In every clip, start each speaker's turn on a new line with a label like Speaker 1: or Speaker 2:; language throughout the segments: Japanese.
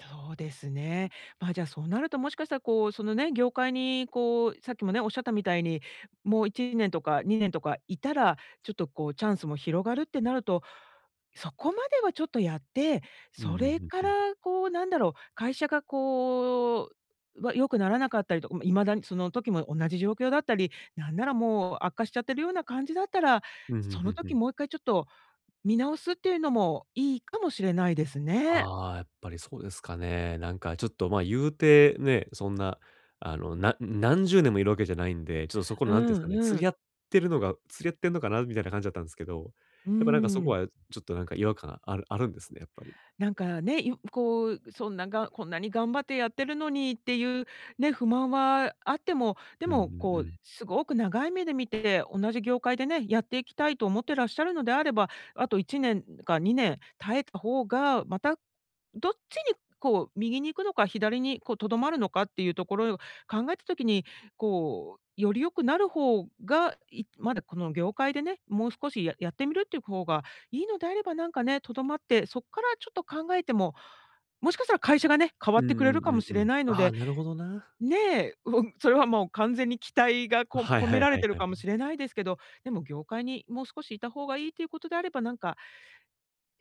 Speaker 1: そうです
Speaker 2: うん。
Speaker 1: ね。まあじゃあそうなるともしかしたらこう、そのね、業界にこうさっきもね、おっしゃったみたいに、もう1年とか2年とかいたら、ちょっとこうチャンスも広がるってなると、そこまではちょっとやって、
Speaker 2: うんう
Speaker 1: それ
Speaker 2: ん
Speaker 1: か
Speaker 2: うんうん。
Speaker 1: らこうなんだろう、会社がこう、わ良くならなかったりとか、未だにその時も同じ状況だったり、なんならもう悪化しちゃってるような感じだったら、
Speaker 2: ふんふん
Speaker 1: そ
Speaker 2: ふ
Speaker 1: の
Speaker 2: んふ
Speaker 1: 時
Speaker 2: ん。
Speaker 1: もう1回ちょっと見直すっていうのもいいかもしれないですね。
Speaker 2: ああ、やっぱりそうですかね。なんかちょっと、まあ、言うてね、そんな、あの、なん何十年もいるわけじゃないんで、ちょっとそこ
Speaker 1: う
Speaker 2: のなんていうんですか
Speaker 1: ん
Speaker 2: ね、
Speaker 1: う
Speaker 2: 釣り
Speaker 1: ん。
Speaker 2: 合ってるのが「釣り合ってんのかな」みたいな感じだったんですけど、
Speaker 1: う
Speaker 2: やっぱなんかそこ
Speaker 1: ん。
Speaker 2: はちょっとなんか違和感があるあるんですね、やっぱり。
Speaker 1: なんかね、いこう、そんなが「こんなに頑張ってやってるのに」っていうね、不満はあっても、で
Speaker 2: うんう
Speaker 1: もこ
Speaker 2: んう
Speaker 1: う
Speaker 2: ん。
Speaker 1: すごく長い目で見て、同じ業界でね、やっていきたいと思ってらっしゃるのであれば、あと1年か2年耐えた方が、またどっちにこう右に行くのか、左にこう、留まるのかっていうところを考えた時に、こう、より良くなる方が、いまだこの業界でね、もう少しややってみるっていう方がいいのであれば、なんかね、留まって、そっからちょっと考えても、もしかしたら会社がね、変
Speaker 2: う
Speaker 1: わ
Speaker 2: ん
Speaker 1: ってくれ
Speaker 2: う
Speaker 1: る
Speaker 2: ん
Speaker 1: か
Speaker 2: う
Speaker 1: も
Speaker 2: ん
Speaker 1: し
Speaker 2: う
Speaker 1: れ
Speaker 2: ん。
Speaker 1: ないの
Speaker 2: ああ、
Speaker 1: で、
Speaker 2: なるほどな。
Speaker 1: ねえ、うん、それはもう完全に期待がこ
Speaker 2: はい
Speaker 1: 込
Speaker 2: は
Speaker 1: め
Speaker 2: い
Speaker 1: ら
Speaker 2: は
Speaker 1: れ
Speaker 2: い
Speaker 1: てる
Speaker 2: は
Speaker 1: かも
Speaker 2: い。
Speaker 1: しれないですけど、でも業界にもう少しいたほうがいいっていうことであれば、なんか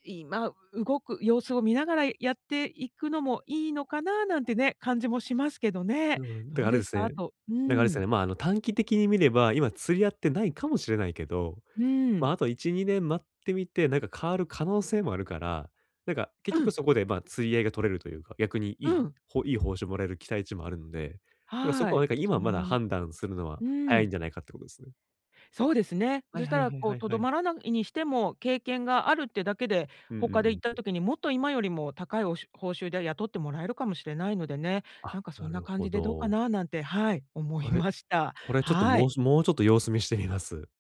Speaker 1: いまあ動く様子を見ながらやっていくのもいいのかな、なんてね、感じもしますけど
Speaker 2: う
Speaker 1: ね。
Speaker 2: ん、で、
Speaker 1: どう
Speaker 2: あれ
Speaker 1: で
Speaker 2: で
Speaker 1: す
Speaker 2: す
Speaker 1: か？あ
Speaker 2: ね。
Speaker 1: とう
Speaker 2: なんかあれですよね、
Speaker 1: ん。
Speaker 2: まあ、あの、短期的に見れば、今釣り合ってないかもしれないけど、
Speaker 1: う
Speaker 2: まあ、あ
Speaker 1: ん。
Speaker 2: と1、2年問待ってみて、なんか変わる可能性もあるから、なんか結
Speaker 1: う
Speaker 2: 局
Speaker 1: ん。
Speaker 2: そこで、まあ、釣り合いが取れるというか、逆にい
Speaker 1: う
Speaker 2: い
Speaker 1: ん。
Speaker 2: ほいい報酬もらえる期待値もあるんで、だから、そこ
Speaker 1: は
Speaker 2: はな
Speaker 1: い。
Speaker 2: んか今まだ
Speaker 1: [unintelligible]
Speaker 2: 判断するのは
Speaker 1: う
Speaker 2: 早いん
Speaker 1: ん。
Speaker 2: じゃないかっていうことですね。
Speaker 1: そうですね、そ
Speaker 2: はい
Speaker 1: し
Speaker 2: は
Speaker 1: た
Speaker 2: い
Speaker 1: ら
Speaker 2: はい
Speaker 1: こ
Speaker 2: は
Speaker 1: う
Speaker 2: いは
Speaker 1: 留
Speaker 2: い。
Speaker 1: まらないにしても経験があるってだけで、
Speaker 2: うんう
Speaker 1: 他
Speaker 2: んう
Speaker 1: で行った
Speaker 2: ん。
Speaker 1: 時にもっと今よりも高いおうしゅ報酬で雇ってもらえるかもしれないのでね、な
Speaker 2: あ、
Speaker 1: んかそ
Speaker 2: な
Speaker 1: んな
Speaker 2: る
Speaker 1: 感
Speaker 2: ほ
Speaker 1: じでどうか
Speaker 2: ど。
Speaker 1: な、なんて、はい、思
Speaker 2: こ
Speaker 1: い
Speaker 2: れ
Speaker 1: ました。
Speaker 2: これちょっと
Speaker 1: は
Speaker 2: も
Speaker 1: い。
Speaker 2: うしもうちょっと様子見してみます。